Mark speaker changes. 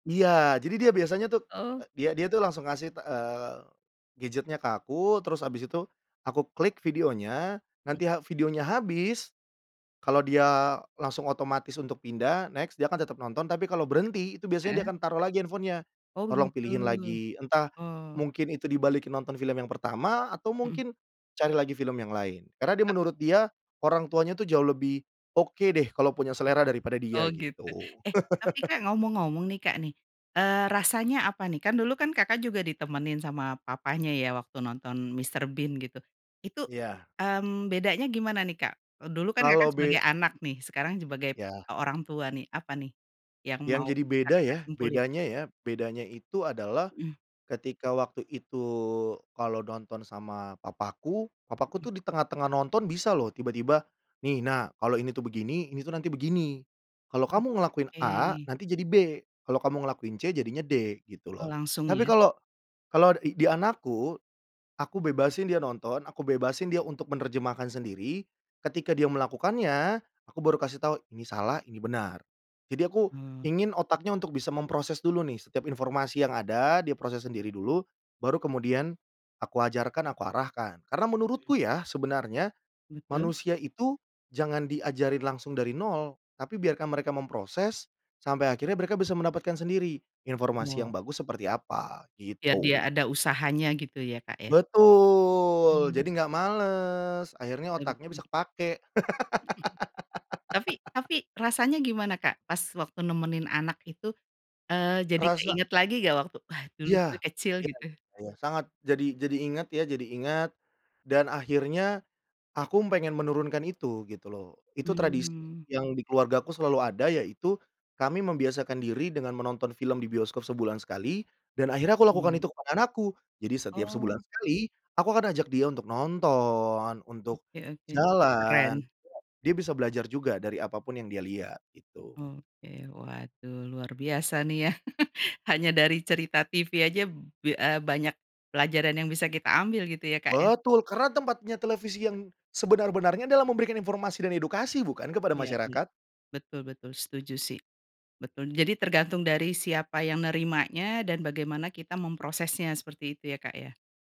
Speaker 1: Iya, jadi dia biasanya tuh,
Speaker 2: Oh.
Speaker 1: e dia dia tuh langsung ngasih, eee, gadget-nya ke aku, terus
Speaker 2: Mhm.
Speaker 1: habis itu, aku klik videonya,
Speaker 2: Mhm.
Speaker 1: nanti ha videonya habis, kalau dia langsung otomatis untuk pindah next dia akan tetap nonton tapi kalau berhenti, itu biasanya dia
Speaker 2: Heeh.
Speaker 1: akan taruh lagi handphone-nya,
Speaker 2: Oh
Speaker 1: "tolong
Speaker 2: begitu,
Speaker 1: pilihin lagi" entah
Speaker 2: oh.
Speaker 1: mungkin itu dibalikin nonton film yang pertama, atau
Speaker 2: Mhm.
Speaker 1: mungkin cari lagi film yang lain. Karena dia
Speaker 2: E
Speaker 1: menurut dia, orang tuanya tuh jauh lebih oke deh, kalau punya selera daripada dia
Speaker 2: Oh gitu,
Speaker 1: gitu.
Speaker 2: eh tapi Kak ngomong-ngomong nih Kak nih, eee, rasanya apa nih, kan dulu kan Kakak juga ditemenin sama papanya ya waktu nonton Mr. Bean gitu, itu,
Speaker 1: Iya.
Speaker 2: mmm, bedanya gimana nih Kak, dulu kan Kakak
Speaker 1: Kalo
Speaker 2: sebagai
Speaker 1: be
Speaker 2: anak nih, sekarang sebagai,
Speaker 1: Ya.
Speaker 2: e orangtua nih, apa nih yang mau
Speaker 1: Yang jadi
Speaker 2: bisa
Speaker 1: beda
Speaker 2: Kakak
Speaker 1: ya,
Speaker 2: simpulin?
Speaker 1: bedanya ya, bedanya itu adalah,
Speaker 2: Heeh.
Speaker 1: ketika waktu itu kalau nonton sama papaku, papaku
Speaker 2: Heeh.
Speaker 1: tuh di tengah-tengah nonton bisa loh tiba-tiba, "nih nak kalau ini tuh begini, ini tuh nanti begini. Kalau kamu ngelakuin A
Speaker 2: Oke.
Speaker 1: nanti jadi B, kalau kamu ngelakuin C jadinya D" gitu
Speaker 2: Oh
Speaker 1: loh.
Speaker 2: langsung
Speaker 1: Tapi
Speaker 2: ya.
Speaker 1: kalau kalau di di anakku, aku bebasin dia nonton, aku bebasin dia untuk menerjemahkan sendiri, ketika dia melakukannya aku baru kasih tahu ini salah, ini benar. Jadi aku,
Speaker 2: Oh.
Speaker 1: ingin otaknya untuk bisa memproses dulu nih setiap informasi yang ada diproses sendiri dulu, baru kemudian, aku ajarkan, aku arahkan. Karena
Speaker 2: Mhm.
Speaker 1: menurutku ya, sebenarnya,
Speaker 2: Betul.
Speaker 1: manusia itu jangan diajarin langsung dari 0 tapi biarkan mereka memproses, sampai akhirnya mereka bisa mendapatkan sendiri, informasi yang
Speaker 2: Oh.
Speaker 1: bagus seperti apa,
Speaker 2: Biar dia
Speaker 1: gitu.
Speaker 2: ada usahanya gitu ya Kak ya.
Speaker 1: Betul, jadi
Speaker 2: Mmm.
Speaker 1: enggak males, akhirnya otaknya
Speaker 2: Mhm.
Speaker 1: bisa kepakai.
Speaker 2: Heeh. Tapi tapi rasanya gimana Kak, pas waktu nemenin anak itu, eee, jadi
Speaker 1: Rasa
Speaker 2: keinget lagi nggak waktu, wah dulu
Speaker 1: Iya,
Speaker 2: gue kecil
Speaker 1: iya
Speaker 2: gitu?
Speaker 1: iya iya sangat jadi jadi ingat ya, jadi ingat, dan akhirnya, aku pengen menurunkan itu, gitu loh. Itu tradisi
Speaker 2: Mmm.
Speaker 1: yang di keluargaku selalu ada yaitu, kami membiasakan diri dengan menonton film di bioskop sebulan sekali, dan akhirnya aku lakukan
Speaker 2: Mmm.
Speaker 1: itu ke anak aku jadi setiap sebulan
Speaker 2: Oh.
Speaker 1: sekali, aku akan ajak dia untuk nonton untuk
Speaker 2: Oke oke
Speaker 1: jalan
Speaker 2: keren.
Speaker 1: dia bisa belajar juga dari apapun yang dia lihat, itu.
Speaker 2: Oke, waduh, luar biasa nih ya, hanya dari cerita TV aja be e banyak pelajaran yang bisa kita ambil gitu ya Kak ya.
Speaker 1: Betul, karena tempatnya televisi yang sebenar-benarnya adalah memberikan informasi dan edukasi bukan kepada
Speaker 2: Ya ya,
Speaker 1: masyarakat?
Speaker 2: betul betul, setuju sih, betul. Jadi tergantung dari siapa yang nerimanya, dan bagaimana kita memprosesnya seperti itu ya Kak ya?